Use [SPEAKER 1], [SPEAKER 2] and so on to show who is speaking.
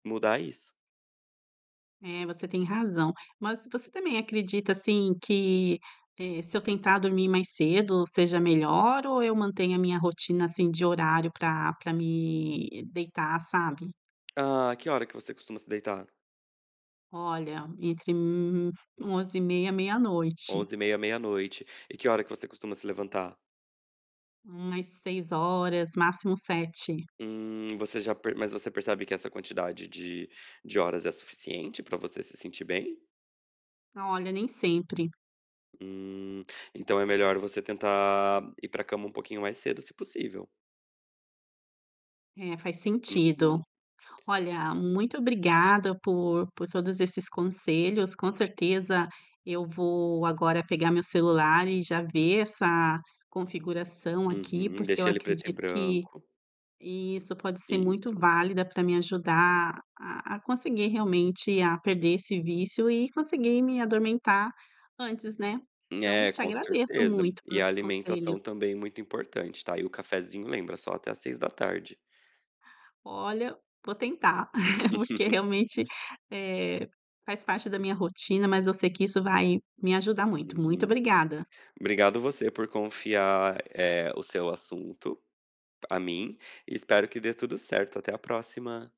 [SPEAKER 1] Mudar isso.
[SPEAKER 2] É, você tem razão. Mas tos você também acredita assim que, eh, se eu tentar dormir mais cedo seja melhor ou eu mantenho a minha rotina assim de horário pra pra me deitar, sabe?
[SPEAKER 1] Ah, que hora que você costuma se deitar?
[SPEAKER 2] Olha, entre, hum, 23h30, meia-noite.
[SPEAKER 1] 23h30, meia-noite. E que hora que você costuma se levantar?
[SPEAKER 2] Umas 6h, máximo 7h.
[SPEAKER 1] Hum, você já per mas você percebe que essa quantidade de de horas é suficiente para você se sentir bem?
[SPEAKER 2] Olha, nem sempre.
[SPEAKER 1] Hum. Então é melhor você tentar, ir para cama um pouquinho mais cedo, se possível.
[SPEAKER 2] É, faz sentido.
[SPEAKER 1] Uhum.
[SPEAKER 2] Olha, muito obrigada por por todos esses conselhos, com certeza eu vou agora pegar meu celular e já ver essa configuração aqui
[SPEAKER 1] Uhum,
[SPEAKER 2] porque eu
[SPEAKER 1] deixa ele preto e
[SPEAKER 2] acredito que
[SPEAKER 1] branco.
[SPEAKER 2] isso, pode ser muito
[SPEAKER 1] Isso.
[SPEAKER 2] válida para me ajudar a a a conseguir realmente a perder esse vício e conseguir me adormentar antes, né? Então
[SPEAKER 1] É,
[SPEAKER 2] te
[SPEAKER 1] com
[SPEAKER 2] agradeço
[SPEAKER 1] certeza.
[SPEAKER 2] muito
[SPEAKER 1] E a
[SPEAKER 2] pelos conselhos.
[SPEAKER 1] alimentação também é muito importante, tá? E o cafezinho lembra: só até às 18h.
[SPEAKER 2] Olha, vou tentar, porque
[SPEAKER 1] Os.
[SPEAKER 2] realmente, eh, faz parte da minha rotina, mas eu sei que isso vai me ajudar muito. Muito
[SPEAKER 1] Uhum.
[SPEAKER 2] obrigada.
[SPEAKER 1] Obrigado você por confiar, eh, o seu assunto a mim, e espero que dê tudo certo. Até a próxima.